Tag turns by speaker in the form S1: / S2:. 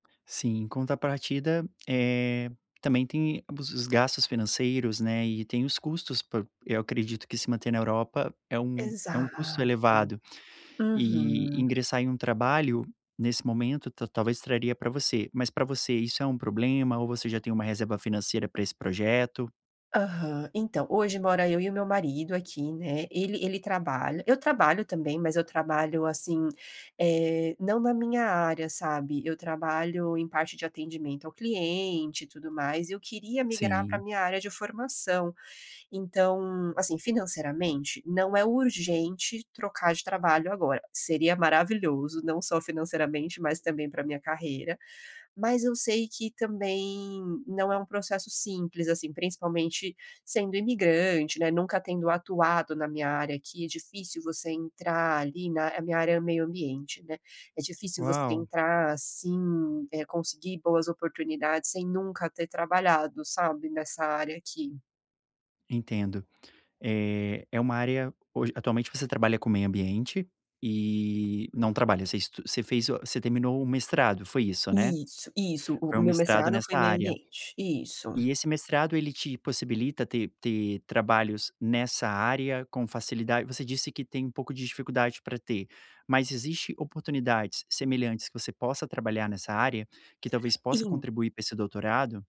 S1: Sim, em contrapartida, eh, também tem os gastos financeiros, né, e tem os custos pra eu acredito que se manter na Europa é um é um custo
S2: Exato.
S1: elevado, e
S2: Uhum.
S1: ingressar em um trabalho, nesse momento ta talvez traria para você, mas para você isso é um problema ou você já tem uma reserva financeira para esse projeto?
S2: Aham. Então, hoje mora eu e o meu marido aqui, né. Ele ele trabalha eu trabalho também, mas eu trabalho assim, eh, não na minha área, sabe. Eu trabalho em parte de atendimento ao cliente e tudo mais, e eu queria migrar pra
S1: Sim.
S2: minha área de formação. Então, assim, financeiramente, não é urgente trocar de trabalho agora. Seria maravilhoso, não só financeiramente, mas também pra minha carreira, mas eu sei que também não é um processo simples assim, principalmente sendo imigrante, né, nunca tendo atuado na minha área aqui, difícil você entrar ali na a minha área é meio ambiente, né. É difícil você
S1: Uau.
S2: entrar assim, eh, conseguir boas oportunidades sem nunca ter trabalhado, sabe, nessa área aqui.
S1: Entendo, eh, é uma área hoje, atualmente você trabalha com meio ambiente e não trabalha, você estu você fez você terminou o mestrado, foi isso, né?
S2: Isso, isso, o
S1: Foi um
S2: meu
S1: mestrado
S2: mestrado foi em
S1: nesta
S2: meio
S1: área.
S2: ambiente, isso.
S1: E esse mestrado ele te possibilita ter ter trabalhos nessa área com facilidade você disse que tem um pouco de dificuldade pra ter, mas existe oportunidades semelhantes que você possa trabalhar nessa área, que talvez possa
S2: In
S1: contribuir para esse doutorado?